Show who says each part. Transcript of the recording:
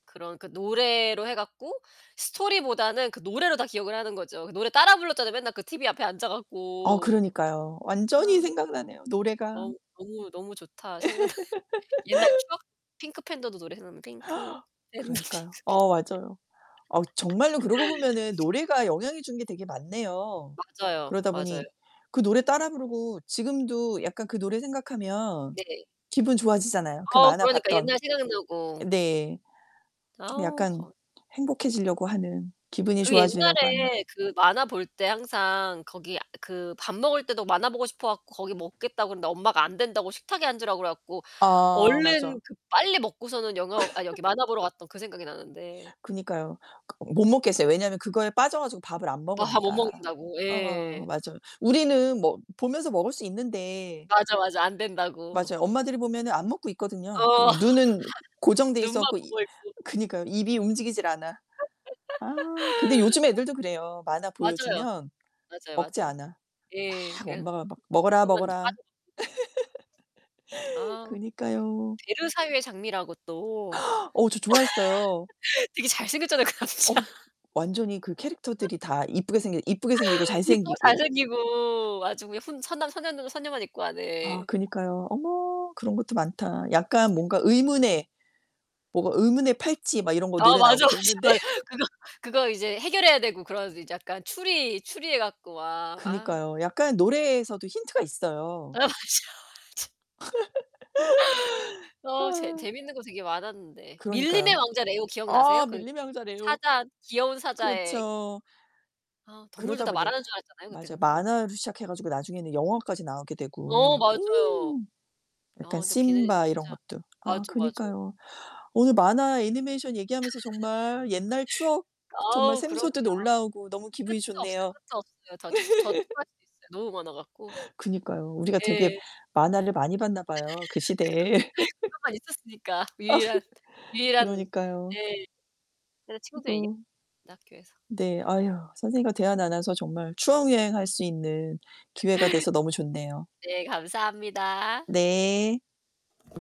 Speaker 1: 그런 그 노래로 해 갖고 스토리보다는 그 노래로 다 기억을 하는 거죠. 그 노래 따라 불렀잖아, 맨날 그 티비 앞에 앉아
Speaker 2: 아
Speaker 1: 갖고.
Speaker 2: 그러니까요. 완전히
Speaker 1: 아.
Speaker 2: 생각나네요 노래가.
Speaker 1: 너- 너무 너무 좋다 생각나. 옛날 추억. 핑크 팬더도 노래 생각나. 핑크 팬더 핑크 핑
Speaker 2: 그러니까요. 어 맞아요. 어 정말로 그러고 보면은 노래가 영향이 주는 게 되게 많네요.
Speaker 1: 맞아요,
Speaker 2: 그러다
Speaker 1: 맞아요.
Speaker 2: 보니 그 노래 따라 부르고 지금도 약간 그 노래 생각하면
Speaker 1: 네.
Speaker 2: 기분 좋아지잖아요. 그
Speaker 1: 어
Speaker 2: 만화
Speaker 1: 그러니까.
Speaker 2: 봤던
Speaker 1: 옛날 생각나고.
Speaker 2: 네. 좀
Speaker 1: 아우
Speaker 2: 약간
Speaker 1: 거
Speaker 2: 행복해지려고 하는. 기분이
Speaker 1: 그
Speaker 2: 좋아지려고 하는.
Speaker 1: 옛날에 그 만화 볼 때 항상 거기 그 밥 먹을 때도 만화 보고 싶어 갖고 거기 먹겠다 그랬는데 엄마가 안 된다고 식탁에 앉으라 그래 갖고
Speaker 2: 아
Speaker 1: 얼른
Speaker 2: 맞아.
Speaker 1: 그 빨리 먹고서는 영화 아니 여기 만화 보러 갔던 그 생각이 나는데.
Speaker 2: 그니까요. 그 못 먹게 했어요. 왜냐면 그거에 빠져 가지고 밥을 안
Speaker 1: 아하 못
Speaker 2: 먹으니까.
Speaker 1: 먹는다고.
Speaker 2: 응
Speaker 1: 예.
Speaker 2: 맞아요. 우리는 뭐 보면서 먹을 수 있는데
Speaker 1: 맞아, 맞아. 안 된다고.
Speaker 2: 맞아요. 엄마들이 보면은 안 먹고 있거든요. 그
Speaker 1: 어.
Speaker 2: 눈은 고정돼 있어
Speaker 1: 눈만
Speaker 2: 갖고 이
Speaker 1: 보고 있고.
Speaker 2: 그니까요. 입이 움직이질 않아. 아 근데 요즘 애들도 그래요. 만화
Speaker 1: 맞아요.
Speaker 2: 보여주면
Speaker 1: 맞아요,
Speaker 2: 먹지
Speaker 1: 맞아요.
Speaker 2: 않아.
Speaker 1: 예.
Speaker 2: 막
Speaker 1: 그냥.
Speaker 2: 엄마가 막 "먹어라,
Speaker 1: 순간적으로
Speaker 2: 먹어라."
Speaker 1: 빠져들죠. 아우.
Speaker 2: 그니까요.
Speaker 1: 베르사유의 장미라고 또.
Speaker 2: 어 저 좋아했어요.
Speaker 1: 되게 잘생겼잖아요, 그
Speaker 2: 어휴
Speaker 1: 남자.
Speaker 2: 완전히 그 캐릭터들이 다 이쁘게 생긴 이쁘게 생기고
Speaker 1: 이쁘고
Speaker 2: 잘생기고.
Speaker 1: 잘생기고. 아주 그냥 훈 선남선녀녀 선녀만 있고 아
Speaker 2: 아
Speaker 1: 네.
Speaker 2: 그니까요. 어머. 그런 것도 많다. 약간 뭔가 의문의 뭐가 의문의 팔찌 막 이런 거
Speaker 1: 아
Speaker 2: 노래 나오고
Speaker 1: 맞아, 맞아,
Speaker 2: 그랬는데.
Speaker 1: 맞아. 그거 그거 이제 해결해야 되고 그런 이제 약간 추리 추리해 갖고 막 아.
Speaker 2: 그니까요. 약간 노래에서도 힌트가
Speaker 1: 아
Speaker 2: 있어요.
Speaker 1: 맞아, 맞아. 어. 재
Speaker 2: 아.
Speaker 1: 재밌는 거 되게 많았는데. 밀림의
Speaker 2: 그러니까요.
Speaker 1: 왕자 레오 기억나세요?
Speaker 2: 아
Speaker 1: 그
Speaker 2: 밀림의 왕자 레오.
Speaker 1: 사자 귀여운 사자의
Speaker 2: 그렇죠.
Speaker 1: 아 동물도
Speaker 2: 그러다
Speaker 1: 다
Speaker 2: 보니
Speaker 1: 말하는 줄 알았잖아요, 그때
Speaker 2: 맞아요.
Speaker 1: 그거 보고.
Speaker 2: 만화로 시작해 가지고 나중에는 영화까지 나오게
Speaker 1: 어
Speaker 2: 되고.
Speaker 1: 맞아요.
Speaker 2: 음.
Speaker 1: 아
Speaker 2: 약간
Speaker 1: 근데 걔네는
Speaker 2: 심바 이런
Speaker 1: 진짜
Speaker 2: 것도. 아
Speaker 1: 맞아, 맞아.
Speaker 2: 그니까요. 오늘 만화 애니메이션 얘기하면서 정말 옛날 추억 정말
Speaker 1: 어우 그럼요.
Speaker 2: 샘솟듯 올라오고 너무 기분이
Speaker 1: 끝도 없어요
Speaker 2: 좋네요.
Speaker 1: 끝도 없어요. 저 저 추가할 수 있어요, 너무 많아 갖고.
Speaker 2: 그니까요 우리가 되게
Speaker 1: 예.
Speaker 2: 만화를 많이 봤나
Speaker 1: 그거
Speaker 2: 봐요 그 시대에.
Speaker 1: 그것만 있었으니까. 유일한
Speaker 2: 아 그니까
Speaker 1: 유일한
Speaker 2: 그러니까요.
Speaker 1: 네. 맨날 친구들이랑
Speaker 2: 이거
Speaker 1: 얘기했는데 학교에서.
Speaker 2: 네.
Speaker 1: 어.
Speaker 2: 아유, 선생님과 대화 나눠서 정말 추억여행 할 수 있는 기회가 돼서 너무 좋네요.
Speaker 1: 네 감사합니다.
Speaker 2: 네.